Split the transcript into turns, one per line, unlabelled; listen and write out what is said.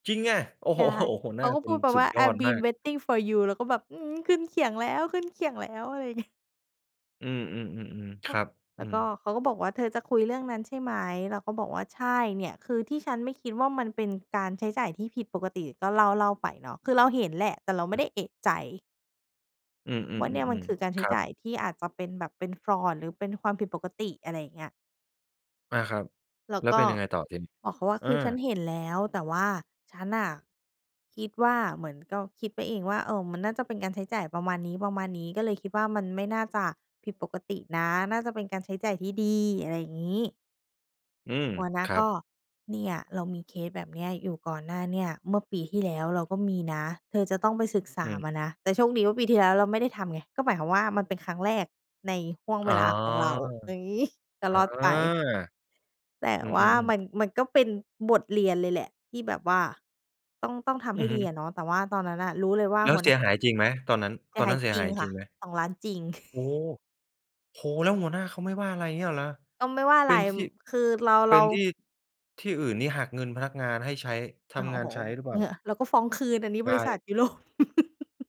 จริงอะ โอ้
ใช
โฮ
่
โอ้ หัว
เ
ห
ข
น้
า
า
ก็
ค
พู
น
ดแบบ
สุ
ว่
ด
า
ยอด
"I've
มา
been
ก
waiting for you" เราก็แบบ อืม ขึ้นเขียงแล้ว ขึ้นเขียงแล้ว อะไร งี้
อืม ๆ ๆ ๆ
เข
ค
า
รับ
แล
อื
้วก
ม
็เขาก็บอกว่า "เธอจะคุยเรื่องนั้นใช่ไหม?" เราก็บอกว่า "ใช่ เนี่ย คือที่ฉันไม่คิดว่า มันเป็นการใช้จ่ายที่ผิดปกติ" ก็เล่า ๆ ไปเนาะ คือเราเห็นแหละ แต่เราไม
อ
่
ื
ไ
ม
ด้เอะใจ
อื
ว่าเนี่ยมัน
ม
คื
ๆ
อ ก
ๆ
าร
ๆ
ใช
ค
้
รั
จ่
บ
ายที่อาจจะเป็นแบบเป็น Fraud หรือเป็นความผิดปกติ อะไรอย่างเงี้ย
อา ครับ
แล้ว
แล้ว
ก
เ
็
ป็นยังไงต่อทีนี้?
บอกเขาว่า
เอ
"คือฉั
อ
นเห็นแล้วแต่ว่า ฉันน่ะคิดว่า เหมือนก็คิดไปเองว่า เออ มันน่าจะเป็นการใช้จ่ายประมาณนี้ ประมาณนี้ ก็เลยคิดว่ามันไม่น่าจะผิดปกตินะ น่าจะเป็นการใช้จ่ายที่ดี" อะไรงี้
อืม
หัวหน้า
ครั
ก
บ
็ "เนี่ยเรามีเคสแบบนี้อยู่ก่อนหน้าเนี่ย เมื่อปีที่แล้วเราก็มีนะ เธอจะต้องไปศึกษ
อ
า
ืม
มานะ" แต่โชคดีว่าปีที่แล้วเราไม่ได้ทำไง ก็หมายความว่า มันเป็นครั้งแรกในห้วง
อ
เ
๋
ว
อ
ลาของเรา อย่าง งี้ ก็
อา
รอดไป แต่
อื
ว่า
อ ๆ
ม
ๆ
ัน มันก็เป็นบทเรียนเลยแหละ ที่แบบว่าต้อง ต้องทำ
อื
ให้
อฮ
ดีอ
ึ
ะเนาะ แต่ว่าตอนนั้นน่ะรู้เลยว่า
แล้ว
หัว
เ
ห
ส
น้
ี
า
ยหายจริงไหมตอนนั้น
เสี
ตอ
ย
น
ห
น
า
ั้
ย
นเสีย
จร
ห
ิ
า
ง
ย
ค
จ
่
ริ
ะ
งไหม?
2 ล้านจริง
โอ้โฮ โอ้! แล้วหัวหน้าเขาไม่ว่า อะไรงี้เหรอ
ก็ไม่ว่าอ
เ
ะ
ป
ไ
็
ร
นท
ม
ี่
คือเรา
เป
เร
็
า
นที่ ที่อื่นนี่หักเงินพนักงานให้ใช้ ท
โอ้
ำงา
โ
น
ฮ
ใช้หรือเปล่
ฮ
า?
ึ เราก็ฟ้องคืนอันนี้
ไ
บ
ก
ริษั
่
ท ยุโรป